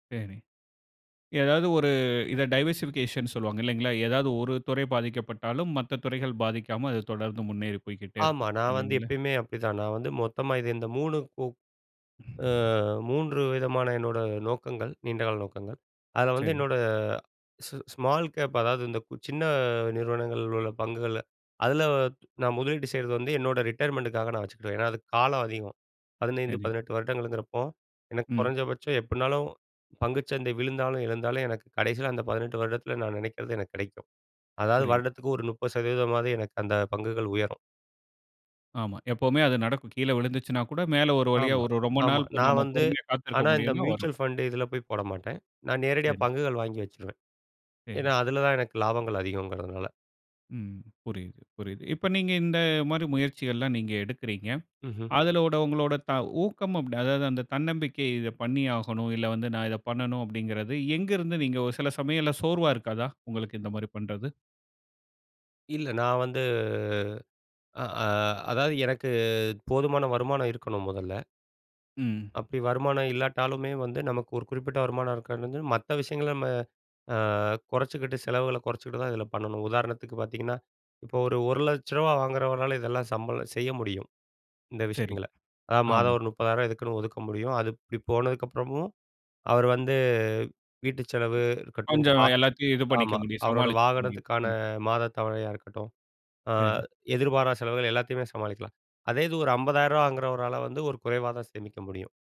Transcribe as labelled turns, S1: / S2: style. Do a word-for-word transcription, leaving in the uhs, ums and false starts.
S1: சேரி ஏதாவது ஒரு இத டைவர்சிவ்கேஷன்னு சொல்வாங்க இல்லைங்களா? ஏதாவது ஒரு துறை பாதிக்கப்பட்டாலும், மத்த துறைகள் பாதிக்காம அது தொடர்ந்து முன்னேறி போய்க்கிட்டே
S2: ஆமா
S1: இருக்கும்.
S2: நான் வந்து
S1: இல்லீங்கள?
S2: எப்பயுமே அப்டிதான். நான் வந்து மொத்தமா இது இந்த மூணு கு அ மூன்று விதமான என்னோட நோக்கங்கள், நீண்டகால நோக்கங்கள். அதுல வந்து
S1: சரி.
S2: என்னோட ஸ் ஸ்மால் கேப் அதாவது இந்த கு சின்ன நிறுவனங்கள்ல உள்ள பங்குகள்ல, அதுல நான் முதலீடு செய்றது வந்து, என்னோட ரிட்டயர்மென்ட்டுக்காக நான் வச்சுக்கிடுவேன். ஏன்னா அதுக்கு காலம் அதிகம். பதினைந்து,
S1: சரி.
S2: பதினெட்டு வருடங்கள்ங்றப்போ, எனக்கு
S1: ம்.
S2: குறைஞ்சபட்சம் எப்டினாலும் பங்கு சந்தை விழுந்தாலும் எழுந்தாலும் எனக்கு கடைசில, அந்த பதினெட்டு வருடத்தில நான் நினைக்கறது எனக்கு கிடைக்கும். அதாவது
S1: புரியுது.
S2: வருடத்துக்கு ஒரு முப்பது சதவீதமாவது எனக்கு அந்த பங்குகள் உயரும்.
S1: ஆமா எப்பவுமே அது நடக்கும். கீழே விழுந்துச்சுன்னா கூட மேல ஒரு வழியா
S2: ஆமா,
S1: ஒரு ரொம்ப
S2: ஆமா.
S1: நாள்
S2: நான்
S1: நம்ம
S2: வந்து
S1: பொறுமையா காத்திருக்க
S2: ஆனா இந்த
S1: முடியும்னா வரும்.
S2: மியூச்சுவல் ஃபண்ட் இதுல போய் போட மாட்டேன். நான் நேரடியா
S1: சரி.
S2: பங்குகள் வாங்கி வச்சுருவேன்.
S1: சரி.
S2: ஏன்னா அதுல தான் எனக்கு லாபங்கள் அதிகம்ங்கறதுனால.
S1: ம் புரியுது, புரியுது. இப்ப நீங்க இந்த மாரி முயற்சிகள்லாம் நீங்க எடுக்கிறீங்க.
S2: ம்ஹ்ம்.
S1: அதுலோட உங்களோட த ஊக்கம் அப்ட் அதாது அந்த தன்னம்பிக்கை "இத பண்ணியாகணும், இல்ல வந்து நான் இத பண்ணணும்." அப்டின்கறது எங்க இருந்து நீங்க ஒரு சில சமயத்தில சோர்வா இருக்காதா? உங்களுக்கு இந்த மாரி பண்றது.
S2: இல்ல நான் வந்து, அ அ அதாது எனக்கு போதுமான வருமானம் இருக்கணும் முதல்ல.
S1: ம்.
S2: அப்டி வருமானம் இல்லாட்டாலுமே வந்து, நமக்கு ஒரு குறிப்பிட்ட வருமானம் இருக்கானுது மத்த விஷயங்கள நம்ம, அ கொறைச்சிக்கிட்டு செலவுகள கொறைச்சிக்கிட்டு தான் இதுல பண்ணணும். உதாரணத்துக்கு பாத்திங்கன்னா, இப்ப ஒரு ஒரு லட்சம் ரூபாய் வாங்குறவர்ளால இதெல்லாம் சம்ப செய்ய முடியும், இந்த
S1: சரி.
S2: விஷயங்கள. ஆ மாதம்
S1: ஆமா.
S2: ஒரு முப்பதாயிர ரூவா இதுக்குன்னு ஒதுக்க முடியும். அது இப்டி போனதுக்கப்புறமும் அவர் வந்து வீட்டு செலவு இருக்கட்டும்,
S1: கொஞ்சம்
S2: கா
S1: எல்லாத்தையும் இது பண்ணிக்க
S2: ஆமா
S1: முடியும்,
S2: அவரோட
S1: சமாளிச்சுக்க முடியும்.
S2: வாகனத்துக்கான
S1: ம்.
S2: மாத தவனையா இருக்கட்டும், அ
S1: சரி.
S2: எதிர்பாரா செலவுகள் எல்லாத்தையுமே சமாளிக்கலாம். அதேது ஒரு அம்பதாயிர்ரூவா வாங்குறவரால வந்து ஒரு குறைவா தான் சேமிக்க முடியும்.